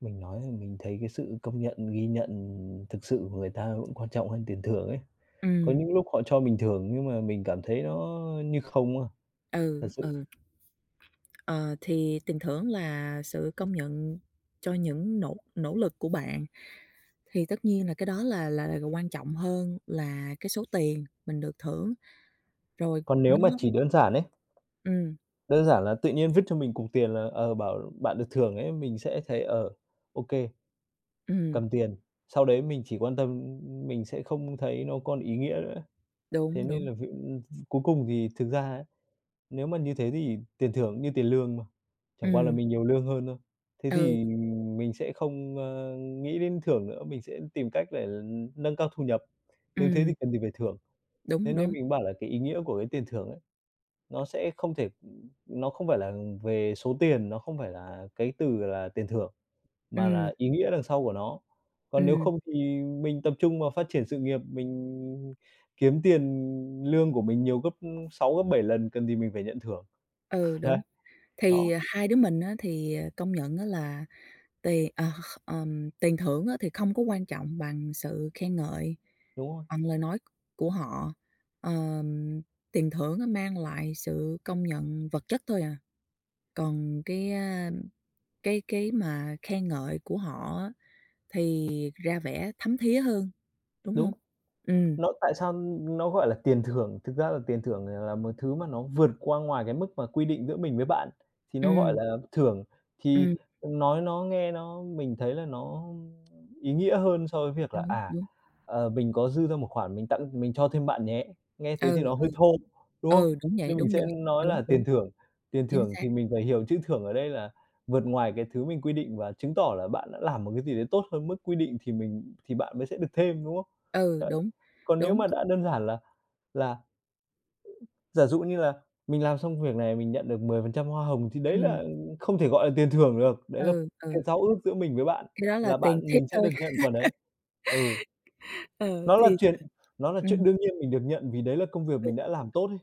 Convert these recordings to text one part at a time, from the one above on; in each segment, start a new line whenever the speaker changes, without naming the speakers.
Mình nói rằng mình thấy cái sự công nhận, ghi nhận thực sự của người ta vẫn quan trọng hơn tiền thưởng ấy. Có
Ừm.
những lúc họ cho mình thưởng nhưng mà mình cảm thấy nó như không á.
Ừ,
Thật sự.
ừ. Ờ, thì tiền thưởng là sự công nhận cho những nỗ nỗ lực của bạn. Thì tất nhiên là cái đó là là quan trọng hơn là cái số tiền mình được thưởng. Rồi
Còn nếu
nó
mà chỉ đơn giản ấy,
Ừm.
đơn giản là tự nhiên vứt cho mình cục tiền là, ờ, bảo: "Bạn được thưởng ấy", mình sẽ thấy, ờ, ô kê,
Ừm.
cầm tiền, sau đấy mình chỉ quan tâm, ưm, ưm mình sẽ không thấy nó còn ý nghĩa nữa.
Đúng,
Thế nên
đúng.
là [unintelligible] cuối cùng thì thực ra á, nếu mà như thế thì tiền thưởng cũng như tiền lương mà, chẳng qua là
Ừm.
mình nhiều lương hơn thôi. Thế
Ừ.
thì, ừm, mình sẽ không, ơ, nghĩ đến thưởng nữa, mình sẽ tìm cách để nâng cao thu nhập, nếu thế thì
Ừm.
cần gì phải thưởng. Thế
Đúng,
nên
đúng.
mình bảo là cái ý nghĩa của cái tiền thưởng ấy, nó sẽ không thể ừm, nó không phải là về số tiền, nó không phải là cái từ là tiền thưởng, mà
Ừm.
là ý nghĩa đằng sau của nó. Còn nếu
Ừm.
không thì mình tập trung vào phát triển sự nghiệp, mình kiếm tiền lương của mình nhiều gấp 6, gấp 7 lần, cần thì mình phải nhận thưởng.
Ừ,
Đấy.
đúng. Thì
Đó.
hai đứa mình á thì, ờ, công nhận á là tiền, à, kh kh ờm, tiền thưởng á thì không có quan trọng bằng sự khen ngợi,
Đúng rồi.
bằng lời nói của họ. Ờm, tiền thưởng á, mang lại sự công nhận vật chất thôi à, còn cái, a, cái cái mà khen ngợi của họ á, thì ra vẻ thấm thía hơn, đúng
Đúng.
hông? Ừm.
Nó tại sao nó gọi là tiền thưởng? Thực ra là tiền thưởng này là một thứ mà nó vượt qua ngoài cái mức mà quy định giữa mình với bạn, thì nó gọi
Ừm.
là thưởng. Thì
Ừm.
nói nó nghe nó mình thấy là nó ý nghĩa hơn so với việc là
Đúng.
"À,
Đúng.
ờ, mình có dư ra một khoản, mình tặng mình cho thêm bạn nhé." Nghe thế thì
Ừ,
nó
ừ.
hơi thô, đúng không?
Ừ, đúng vậy,
Nên mình
đúng
sẽ
dồi.
nói
Đúng,
là
đúng.
tiền thưởng, tiền
Chính
thưởng
xác.
thì mình phải hiểu chữ thưởng ở đây là vượt ngoài cái thứ mình quy định và chứng tỏ là bạn đã làm một cái gì đấy tốt hơn mức quy định thì mình thì bạn mới sẽ được thêm, đúng không?
Ừ,
Đấy.
đúng.
Còn nếu
Đúng.
mà đã đơn giản là là giả dụ như là mình làm xong việc này mình nhận được 10% hoa hồng thì đấy
Ừm.
là không thể gọi là tiền thưởng được. Đấy là
Ừ, ừ.
cái giao ước giữa mình với bạn,
Cái đó là
là
tiền
bạn
tip
mình sẽ
thôi.
được nhận phần ấy. Ừ.
Ờ,
Nó là
thì
chuyện nó là
[unintelligible]
chuyện
ừm.
đương nhiên mình được nhận vì đấy là công việc mình
[unintelligible]
đã làm tốt ấy.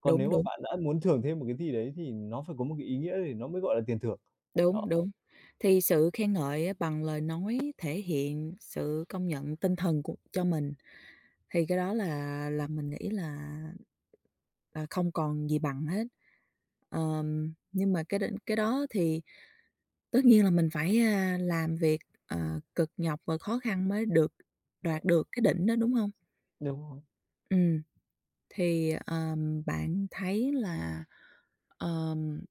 Còn
Đúng,
nếu mà
đúng.
bạn đã muốn thưởng thêm một cái gì đấy thì nó phải có một cái ý nghĩa thì nó mới gọi là tiền thưởng. Đó.
Đúng, đúng. Thì sự khen ngợi ám bằng lời nói thể hiện sự công nhận tinh thần của cho mình, thì cái đó là, là mình nghĩ là, ờ, không còn gì bằng hết. Ờm, nhưng mà cái định cái đó thì tất nhiên là mình phải, a, làm việc, ờ, cực nhọc và khó khăn mới được, đoạt được cái đỉnh đó, đúng hông?
Đúng rồi.
Ừm. Thì, ờm, bạn thấy là, ờm